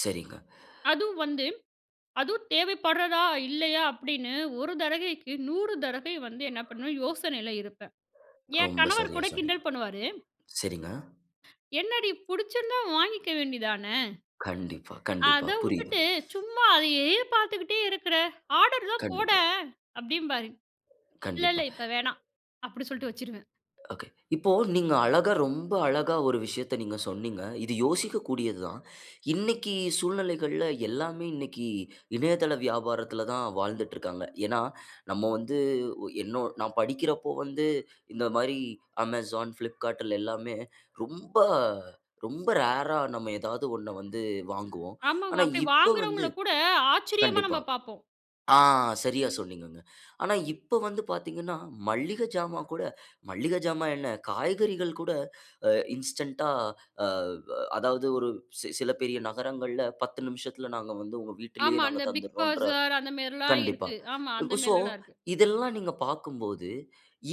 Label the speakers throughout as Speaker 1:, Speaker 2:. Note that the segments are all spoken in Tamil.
Speaker 1: சரிங்க.
Speaker 2: அதுவும் வந்து, அதுவும் தேவைப்பட்றதா இல்லையா! அப்படின்னு ஒரு தடவைக்கு 100 தடவை வந்து என்ன பண்ணுவேன் யோசனையில இருப்பேன். ஏ
Speaker 1: ரொம்ப
Speaker 2: கணவர்
Speaker 1: சரியா
Speaker 2: கூட
Speaker 1: சொன்னீங்க.
Speaker 2: கிண்டல் பண்ணுவாரு.
Speaker 1: சரிங்க.
Speaker 2: என்னடி! புடிச்சிருந்தா வாங்கிக்க வேண்டியதானே.
Speaker 1: கண்டிப்பா, கண்டிப்பா.
Speaker 2: அத
Speaker 1: புரியுது.
Speaker 2: உட்டுட்டு சும்மா அதையே பாத்துக்குட்டே இருக்குற ஆர்டர் தான்
Speaker 1: கண்டிப்பா.
Speaker 2: போடன் அப்படிம்பாரு. இல்ல,
Speaker 1: கண்டிப்பா.
Speaker 2: இல்ல இப்ப வேணாம். அப்படி சொல்லிட்டு வச்சிருவேன்.
Speaker 1: ஓகே. இப்போ நீங்க அழகா ரொம்ப அழகா ஒரு விஷயத்த நீங்கச் சொன்னீங்க. இது யோசிக்கக்கூடியதுதான். இன்னைக்கு சூழ்நிலைகள்ல எல்லாமே இன்னைக்கு இணையதள வியாபாரத்துல தான் வாழ்ந்துட்டு இருக்காங்க. ஏன்னா நம்ம வந்து ஒ என்னோ நான் படிக்கிறப்போ வந்து இந்த மாரி Amazon, Flipkart எல்லாமே ரொம்ப ரொம்ப ரேர்ரா நம்ம எதாவது ஒண்ண வந்து வாங்குவோம்.
Speaker 2: ஆமாங்க.
Speaker 1: ஆனா,
Speaker 2: அப்படி
Speaker 1: இப்ப வந்து
Speaker 2: வாங்குறவங்கள கூட ஆச்சரியமா
Speaker 1: கண்டிப்பா.
Speaker 2: நம்ம பார்ப்போம்.
Speaker 1: ஆ, சரியா சொன்னீங்கங்க. ஆனா, இப்ப வந்து பாத்தீங்கன்னா மல்லிகஜாமான் கூட, மல்லிகஜாமான் என்ன காய்கறிகள் கூட இன்ஸ்டன்ட்டா ஆ வ அதாவது ஒரு சி சில பெரிய நகரங்கள்ல 10 நிமிஷத்துல நாங்க வந்து உங்க வீட்டிலயே
Speaker 2: ஆமா.
Speaker 1: நாங்க
Speaker 2: அந்த பிக்
Speaker 1: தந்துடோன்ற
Speaker 2: பஜார் அந்த மேரில்லாம்
Speaker 1: கண்டிப்பா.
Speaker 2: இருக்கு. ஆமா அந்த
Speaker 1: சோ
Speaker 2: மேரிலா இருக்கு.
Speaker 1: இதெல்லாம் நீங்கப் பாக்கும்போது,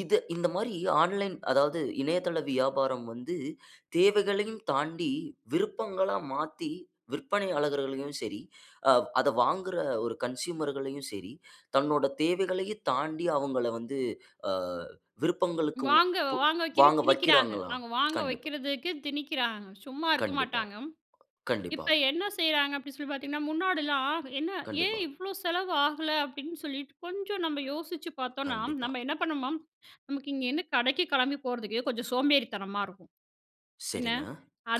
Speaker 1: இத இந்த மாரி ஆன்லைன் அதாவது, இணையதள வியாபாரம் வந்து தேவைகளையும் தாண்டி விருப்பங்களா மாத்தி விற்பனை ஆளர்களையும் சரி, அ அத வாங்குற ஒரு கன்சுயுமர்களையும் சரி, தன்னோட தேவைகளையும் தாண்டி அவங்கள வந்து அ விருப்பங்களுக்கு உ
Speaker 2: வாங்க
Speaker 1: உ
Speaker 2: வாங்க வைக்க
Speaker 1: வாங்க
Speaker 2: திணிக்கிறாங்க.
Speaker 1: வைக்கிறாங்களாம்.
Speaker 2: அவங்க வாங்க
Speaker 1: கண்டிப்பா,
Speaker 2: வைக்கிறதுக்கு திணிக்கறாங்க. சும்மா இருக்க
Speaker 1: கண்டிப்பா,
Speaker 2: மாட்டாங்க.
Speaker 1: கண்டிப்பா.
Speaker 2: இப்ப என்ன செய்யறாங்க அப்படினு சொல்லி பாத்தீங்கன்னா, முன்னாடிலாம் என்ன ஏன்
Speaker 1: கண்டிப்பா.
Speaker 2: இவ்ளோ செலவு ஆகல அப்படின்னு சொல்லிட்டு கொஞ்சம் நம்ம யோசிச்சு பார்த்தோம்னா,
Speaker 1: கண்டிப்பா.
Speaker 2: நாம என்ன பண்ணுவோம். நமக்கு இங்க என்ன கடைக்குக் கெளம்பி போறதுக்கு கொஞ்சம் சோம்பேறித்தனமா இருக்கும். என்ன
Speaker 1: சரிங்க.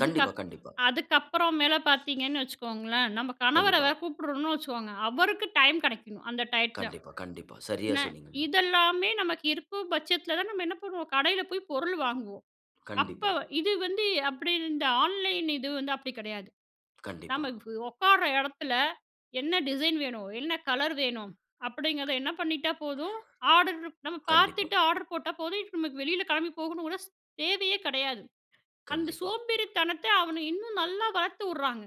Speaker 1: கண்டிப்பா, கண்டிப்பா.
Speaker 2: அதுக்கப்புறம் மேல பாத்தீங்கன்னு வச்சுக்கோங்களேன். நம்ம கணவர
Speaker 1: கண்டிப்பா.
Speaker 2: வேற கூப்பிடுறோம்னு வச்சுக்கோங்க. அவருக்கு டைம் கிடைக்கணும். அந்த டையத்துல,
Speaker 1: கண்டிப்பா, கண்டிப்பா. சரியா
Speaker 2: என்ன
Speaker 1: சொன்னீங்க.
Speaker 2: இதெல்லாமே நமக்கு இருக்குபட்சத்துல நம்ம என்ன பண்ணுவோம். கடைல போய் பொருள் வாங்குவோம். அப்ப
Speaker 1: கண்டிப்பா.
Speaker 2: இது வந்து அப்படின்னு இந்த ஆன்லைன் இது வந்து அப்படி கிடையாது.
Speaker 1: கண்டிப்பா.
Speaker 2: நாம உக்கார எடத்துல என்ன டிசைன் வேணும்? என்ன கலர் வேணும்? அப்படிங்கறத என்ன பண்ணிட்டா போதும். ஆர்டர் நம்ம
Speaker 1: கண்டிப்பா.
Speaker 2: பாத்துட்டு ஆர்டர் போட்டா போதும். நமக்கு வெளியில கெளம்பி போகணும்னு கூட ஒரு தேவையே கெடையாது. அந்தச்
Speaker 1: கண்டிப்பா.
Speaker 2: சோம்பேறித்தனத்த அவங்க இன்னும் நல்லா வளர்த்து உட்றாங்க.